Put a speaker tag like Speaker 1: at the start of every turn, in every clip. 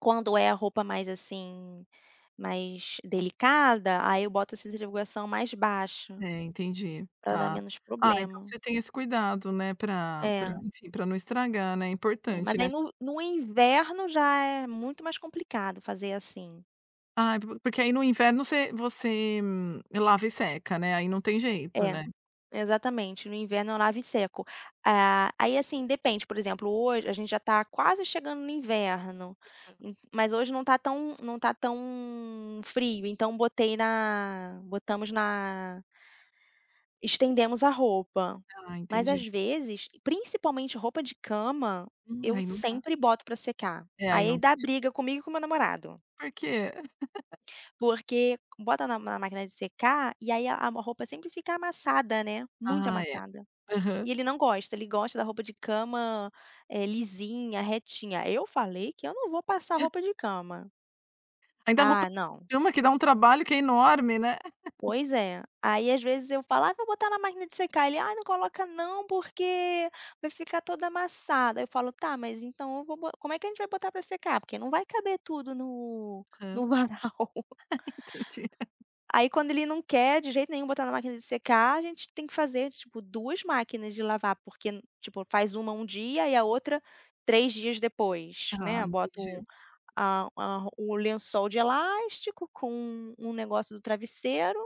Speaker 1: Quando é a roupa mais, assim, mais delicada, aí eu boto a centrifugação mais baixa,
Speaker 2: É entendi,
Speaker 1: pra dar
Speaker 2: tá.
Speaker 1: menos
Speaker 2: Ah, então
Speaker 1: problema.
Speaker 2: você tem esse cuidado, né, pra pra,
Speaker 1: É.
Speaker 2: enfim, pra não estragar, né, é
Speaker 1: É,
Speaker 2: importante,
Speaker 1: mas
Speaker 2: né.
Speaker 1: aí no no inverno já é muito mais complicado fazer assim.
Speaker 2: Ai po porque, aí, no inverno você você lava e seca, né, aí não tem jeito,
Speaker 1: É,
Speaker 2: né.
Speaker 1: exatamente no inverno eu lavo e seco. Ah, aí, assim, depende, por exemplo, hoje a gente já está quase chegando no inverno,
Speaker 2: Aham.
Speaker 1: ent mas hoje não está tão não está tão frio, então botei na botamos na Estendemos a roupa.
Speaker 2: Ah,
Speaker 1: Mas,
Speaker 2: entendi.
Speaker 1: às vezes, principalmente roupa de cama,
Speaker 2: Hum,
Speaker 1: eu
Speaker 2: aí não tá
Speaker 1: sempre boto pra secar,
Speaker 2: É aí
Speaker 1: aí
Speaker 2: não
Speaker 1: dá
Speaker 2: tem je
Speaker 1: briga comigo e com meu namorado.
Speaker 2: Por quê?
Speaker 1: Porque bota na na máquina de secar, e aí a a roupa sempre fica amassada. né, muito
Speaker 2: Ai é,
Speaker 1: amassada.
Speaker 2: aham.
Speaker 1: E ele não gosta, gosta da roupa de cama, eh, lisinha, retinha, aí eu falei que eu não vou passar
Speaker 2: Hã.
Speaker 1: roupa de cama.
Speaker 2: Ainda a roupa
Speaker 1: Ah não.
Speaker 2: de cama que dá um trabalho que é enorme, né?
Speaker 1: Pois é, aí às vezes eu falo: "Ah, vou botar na máquina de secar", ele: "Ai não coloca não porque vai ficar toda amassada", eu falo: "Tá, mas então eu vou bo como é que a gente vai botar pra secar? Porque não vai caber tudo no
Speaker 2: Aham.
Speaker 1: no varal."
Speaker 2: Entendi.
Speaker 1: Aí quando ele não quer de jeito nenhum botar na máquina de secar a gente tem que fazer, tipo, 2 máquinas de lavar, porque tipo faz uma um dia e a outra 3 dias depois,
Speaker 2: Ah
Speaker 1: né. Boto
Speaker 2: entendi.
Speaker 1: a a ro o lençol de elástico com um negócio do travesseiro,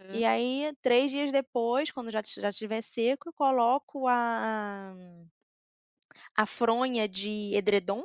Speaker 2: Aham.
Speaker 1: e aí 3 dias depois quando já estiv já estiver seco coloco a a fronha de edredom.